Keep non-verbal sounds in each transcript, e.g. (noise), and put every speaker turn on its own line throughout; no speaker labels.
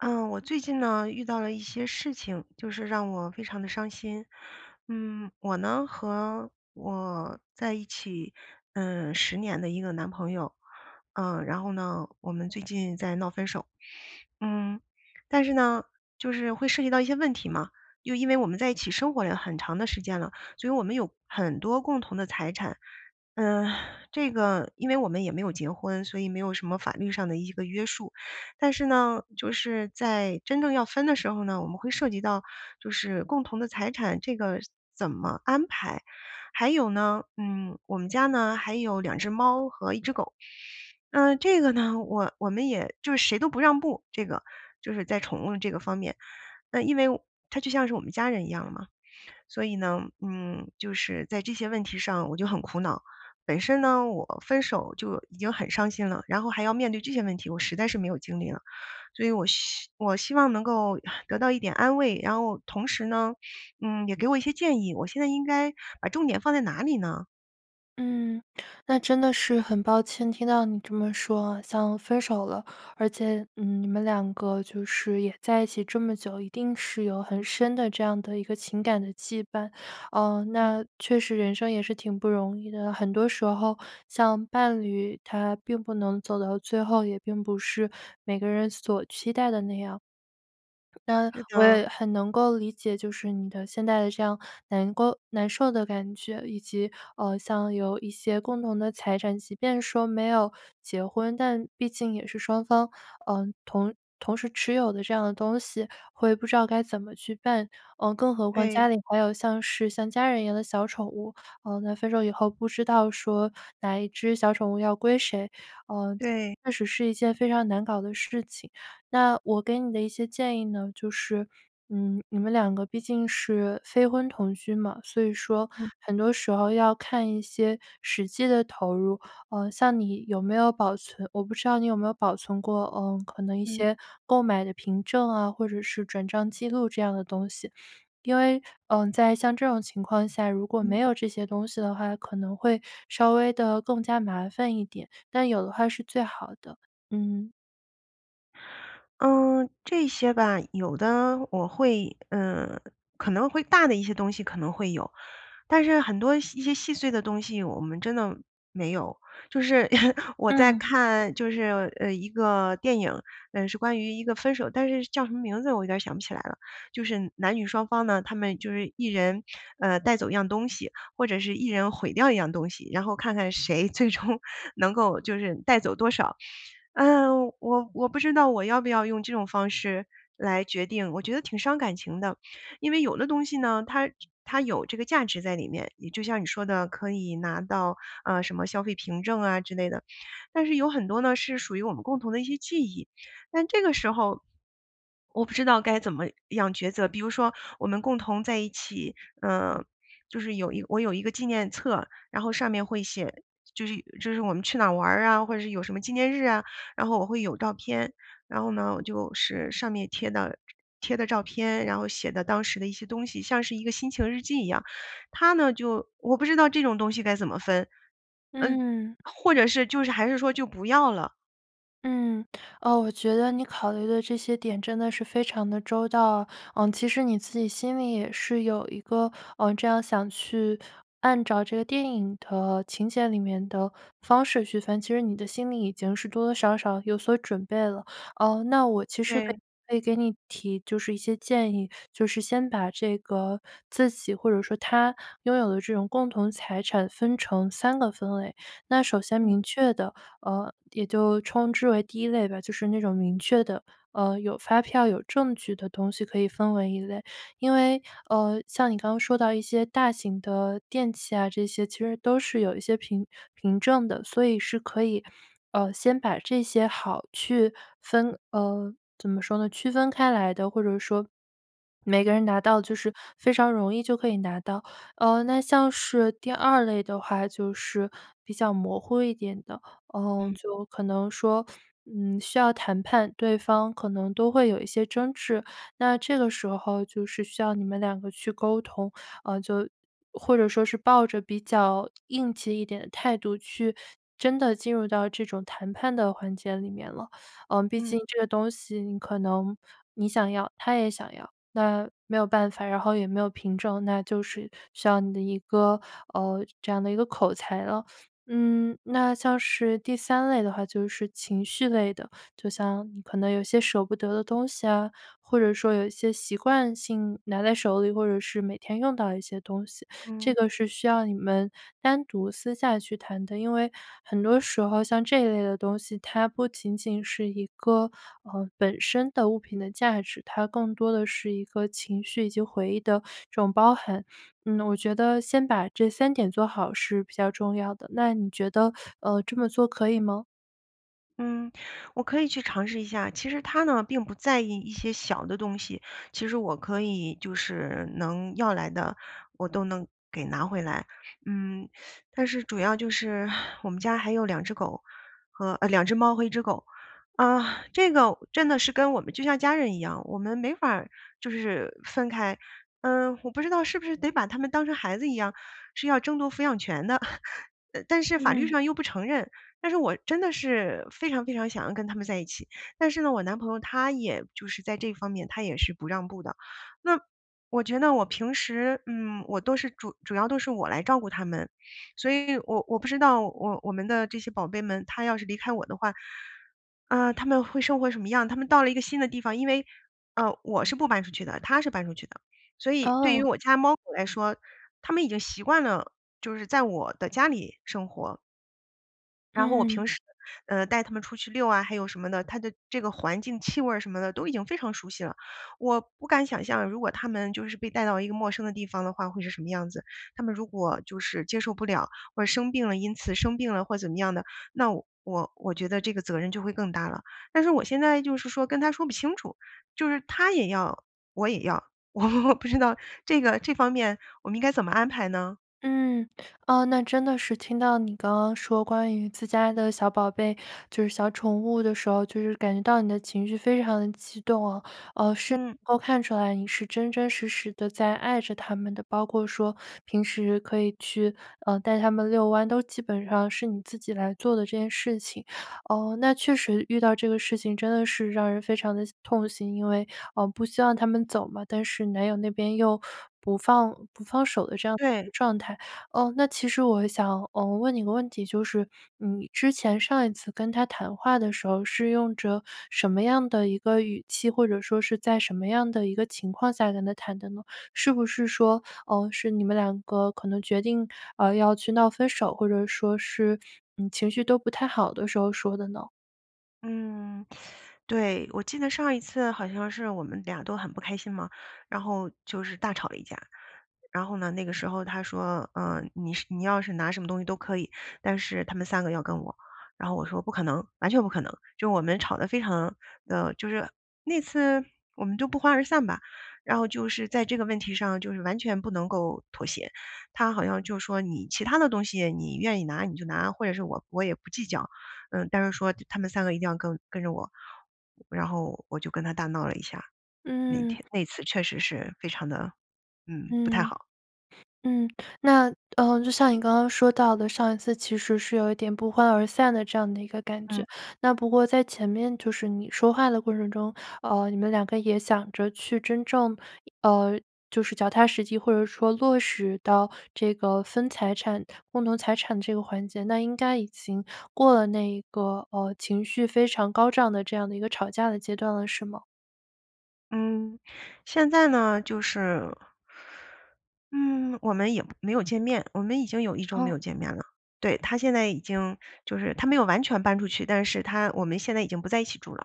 呃，我最近呢，遇到了一些事情，就是让我非常的伤心。嗯，我呢和我在一起，嗯，10年的一个男朋友，嗯，然后呢我们最近在闹分手。嗯，但是呢就是会涉及到一些问题嘛，又因为我们在一起生活了很长的时间了，所以我们有很多共同的财产。呃，这个因为我们也没有结婚，所以没有什么法律上的一个约束，但是呢，就是在真正要分的时候呢我们会涉及到，就是共同的财产这个怎么安排。还有呢，嗯，我们家呢还有2只猫和1只狗，那这个呢我我们也就是谁都不让步，这个就是在宠物这个方面，那因为它就像是我们家人一样嘛。所以呢，嗯，就是在这些问题上我就很苦恼。本身呢，我分手就已经很伤心了，然后还要面对这些问题，我实在是没有精力了。所以我，希我希望能够 (sighs) 得到一点安慰，然后同时呢，嗯，也给我一些建议，我现在应该把重点放在哪里呢？
嗯，那真的是很抱歉听到你这么说像分手了。而且，嗯，你们2个就是也在一起这么久一定是有很深的这样的一个情感的羁绊。嗯，那
嗯。
确实人生也是挺不容易的，很多时候像伴侣，他并不能走到最后，也并不是每个人所期待的那样。(swallows) 那
是
我
的。
也很能够理解，就是你的现在的这样难过难受的感觉，以及，呃，像有一些共同的财产，即便说没有结婚，但毕竟也是双方，嗯，同同时持有的这样的东西，会不知道该怎么去办，呃，更何况家
对。
里还有像是像家人一样的小宠物，呃，在分手以后不知道说，哪一只小宠物要归谁，嗯，
对。
确实是一件非常难搞的事情。那我给你的一些建议呢就是，嗯，你们2个毕竟是非婚同居嘛，所以说
嗯。
很多时候要看一些实际的投入，嗯，像你有没有保存我不知道你有没有保存过，嗯，可能一
嗯。
些购买的凭证啊，或者是转账记录这样的东西？因为，嗯，在像这种情况下，如果没
嗯。
有这些东西的话可能会稍微地更加麻烦一点，但有的话是最好的。嗯。
嗯，这些吧有的我会呃，可能会大的一些东西，可能会有。但是很多一些细碎的东西，我们真的没有。就是 (laughs) 我在
嗯。
看就是，呃，一个电影，呃，是关于一个分手但是叫什么名字我有点想不起来了，就是男女双方呢他们就是一人，呃，带走一样东西，或者是一人毁掉一样东西。然后看看谁最终能够就是带走多少，呃，我我不知道我要不要用这种方式来决定，我觉得挺伤感情的。因为有的东西呢，它它有这个价值在里面。也就像你说的可以拿到，呃，什么消费凭证啊之类的，但是有很多呢是属于我们共同的一些记忆，但这个时候，我不知道该怎么样抉择。比如说我们共同在一起，呃，就是有一我有一个纪念册，然后上面会写就是就是我们去哪儿玩啊，或者是有什么纪念日啊，然后我会有照片，然后呢我就是上面贴的贴的照片，然后写的当时的一些东西像是一个心情日记一样，他呢就我不知道这种东西该怎么分，
嗯。
呃，或者是就是还是说就不要了。
嗯，呃，我觉得你考虑的这些点真的是非常的周到。呃，其实你自己心里也是有一个，呃，这样想去按照这个电影的情节里面的方式去分其实你的心里已经是多多少少有所准备了。呃，那我其实可以
对。
可以给你提就是一些建议，就是先把这个自己或者说他拥有的这种共同财产分成3个分类，那首先
嗯。
明确的，呃，也就称之为第1类吧。就是那种明确的，呃，有发票有证据的东西，可以分为一类。因为，呃，像你刚刚说到一些大型的电器啊这些，其实都是有一些凭凭证的，所以是可以，呃，先把这些好去分呃，怎么说呢？区分开来的或者说，每个人拿到就
嗯。
是非常容易就可以拿到。呃，那像是第2类的话，就是比较模糊一点的，呃，
嗯。
就可能说，嗯，需要谈判对方可能都会有一些争执，那这个时候就是需要你们2个去沟通，呃，就或者说是抱着比较硬气一点的态度去真的进入到这种谈判的环节里面了。呃，毕
嗯。
竟这个东西你可能你想要，他也想要，那没有办法，然后也没有凭证，那就是需要你的一个呃，这样的一个口才了。嗯，那像是第3类的话就是情绪类的，就像你可能有些舍不得的东西啊，或者说有一些习惯性拿在手里或者是每天用到的一些东西，这
嗯。
个是需要你们单独私下去谈的。因为很多时候像这一类的东西，它不仅仅是一个，呃，本身的物品的价值，它更多的是一个情绪以及回忆的这种包含。嗯，我觉得先把这3点做好是比较重要的，那你觉得，呃，这么做可以吗？
嗯，我可以去尝试一下。其实他呢，并不在意一些小的东西。其实我可以，就是能要来的，我都能给拿回来，嗯，但是主要就是我们家还有2只狗和，呃，2只猫，和1只狗。啊，这个真的是跟我们就像家人一样，我们没法儿就是分开。呃，我不知道是不是得把它们当成孩子一样，是要争夺抚养权的。(chuckles) 呃，但是法律
嗯。
上又不承认，但是我真的是非常非常想要跟它们在一起。但是呢，我男朋友他也就是在这方面，他也是不让步的。那我觉得我平时，嗯，我都是主主要都是我来照顾它们。所以我我不知道，我我们的这些宝贝们，它要是离开我的话，呃，它们会生活什么样？它们到了一个新的地方，因为呃，我是不搬出去的，他是搬出去的，所以对于
哦。
我家猫狗来说，它们已经习惯了，就是在我的家里生活。然后我
嗯。
平时，呃，带他们出去遛啊，还有什么的，它的这个环境气味儿什么的，都已经非常熟悉了。我不敢想象，如果它们就是被带到一个陌生的地方的话，会是什么样子。它们如果就是接受不了，或者生病了因此生病了或怎么样的，那我我觉得这个责任就会更大了。但是我现在就是说，跟他说不清楚，就是他也要，我也要，我不知道这个这方面我们应该怎么安排呢？
嗯，啊，那真的是听到你刚刚说，关于自家的小宝贝，就是小宠物的时候，就是感觉到你的情绪非常激动啊。呃，是能
嗯。
够看出来你是真真实实地在爱着它们的，包括说平时可以去，呃，带它们遛弯，都基本上是你自己来做的这件事情。呃，那确实，遇到这个事情真的是让人非常的痛心，因为，呃，不希望它们走嘛，但是男友那边又不放不放手的这样一
对。
个状态。嗯，那其实我想，嗯，问你一个问题，就是，嗯，你之前上一次跟他谈话的时候，是用着什么样的一个语气，或者说是在什么样的一个情况下跟他谈的呢？是不是说，呃，是你们2个，可能决定，呃，要去闹分手，或者说是，嗯，情绪都不太好的时候说的呢？
嗯，(sucks teeth) 对。我记得上一次好像是我们俩都很不开心嘛，然后就是大吵了一架。然后呢，那个时候他说：“呃，你是你要是拿什么东西都可以，但是他们3个要跟我。”然后我说：“不可能，完全不可能。”就我们吵得非常的就是那次我们就不欢而散吧。然后就是在这个问题上就是完全不能够妥协。他好像就说：“你其他的东西你愿意拿你就拿，或者是我我也不计较，嗯，但是说他们3个一定要跟跟着我。”然后我就跟他大闹了一下，那
嗯。
天那次确实是非常的，嗯，不太
嗯。
好。
嗯。那，呃，就像你刚刚说到的上一次其实是有一点不欢而散的这样的一个感觉。
嗯。
那不过在前面，就是你说话的过程中，呃，你们两个也想着去真正呃，就是脚踏实地，或者说落实到这个分财产共同财产这个环节，那应该已经过了那一个，呃，情绪非常高涨的这样的一个吵架的阶段了，是吗？
嗯，现在呢就是嗯，我们也没有见面。我们已经有1周没
哦。
有见面了，对，他现在已经就是他没有完全搬出去但是他我们现在已经不在一起住了，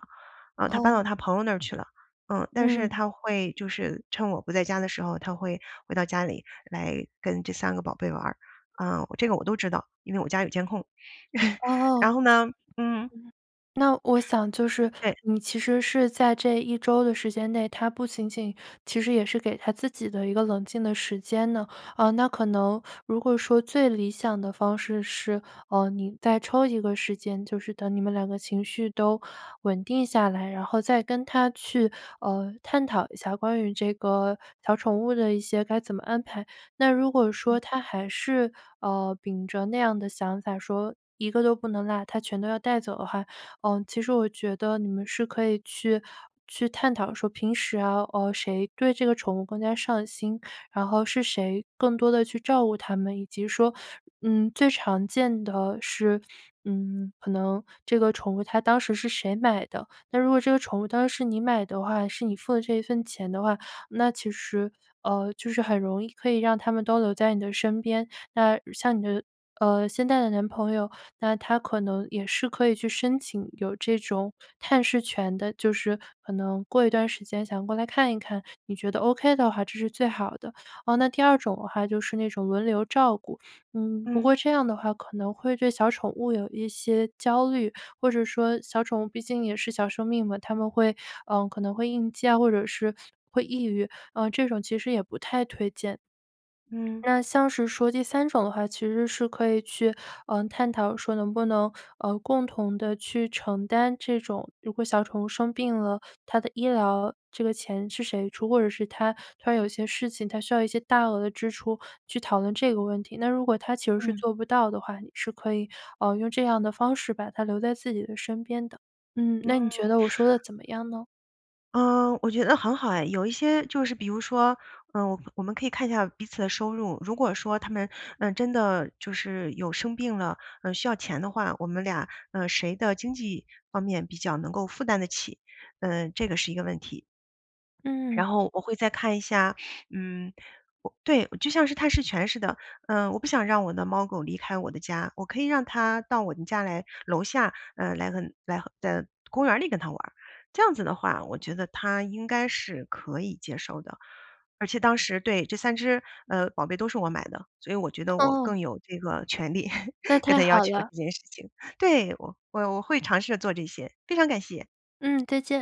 呃，他搬到
哦。
他朋友那儿去了，呃，但是
嗯。
他会就是趁我不在家的时候，他会回到家里来跟这3个宝贝玩儿，呃，这个我都知道因为我家有监控。(laughs) 然
哦。
后呢嗯。
嗯，那我想就是，
对。
你其实是在这1周的时间内，他不仅仅其实也是给他自己的一个冷静的时间呢，呃，那可能如果说最理想的方式是，呃，你再抽一个时间就是等你们2个情绪都稳定下来，然后再跟他去，呃，探讨一下关于这个小宠物的一些该怎么安排。那如果
嗯。
说他还是，呃，秉着那样的想法说，一个都不能落，他全都要带走的话，呃，其实我觉得你们是可以去去探讨说平时啊，呃，谁对这个宠物更加上心，然后是谁更多地去照顾它们，以及说嗯，最常见的是，嗯，可能这个宠物它当时是谁买的？那如果这个宠物当时是你买的话，是你付的这一份钱的话，那其实，呃，就是很容易可以让它们都留在你的身边。那像你的，呃，现在的男朋友，那他可能也是可以去申请有这种探视权的，就是可能过一段时间想过来看一看，你觉得 ok 的话这是最好的。哦那第2种的话就是那种轮流照顾，嗯，不
嗯。
过这样的话可能会对小宠物有一些焦虑。或者说小宠物毕竟也是小生命嘛，它们会，呃，可能会应激啊或者是会抑郁，呃，这种其实也不太推荐。(swallows)
嗯。
那像是说第3种的话，其实是可以去，呃，探讨说能不能，呃，共同地去承担这种如果小宠物生病了，它的医疗这个钱是谁出，或者是它它有些事情它需要一些大额支出，去讨论这个问题。那如果他其实是
嗯。
做不到的话，你是可以，呃，用这样的方式把它留在自己的身边的，嗯，那你觉
嗯。
得我说的怎么样呢？
嗯，我觉得很好哎。有一些就是比如说，呃，我我们可以看一下彼此的收入，如果说它们，呃，真的就是有生病了，呃，需要钱的话，我们俩，呃，谁的经济方面比较能够负担得起，呃，这个是一个问题。
嗯。
然后我会再看一下嗯，对，就像是探视权似的。嗯，我不想让我的猫狗离开我的家，我可以让他到我们家来楼下，呃，来来来在公园里跟它玩儿。这样子的话，我觉得他应该是可以接受的，而且当时对，这3只，呃，宝贝都是我买的，所以我觉得我
哦。
更有这个权利
那
跟
太
他要
好
求
了。
这件事情，对，我我我会尝试着做这些。非常感谢。
嗯，再见。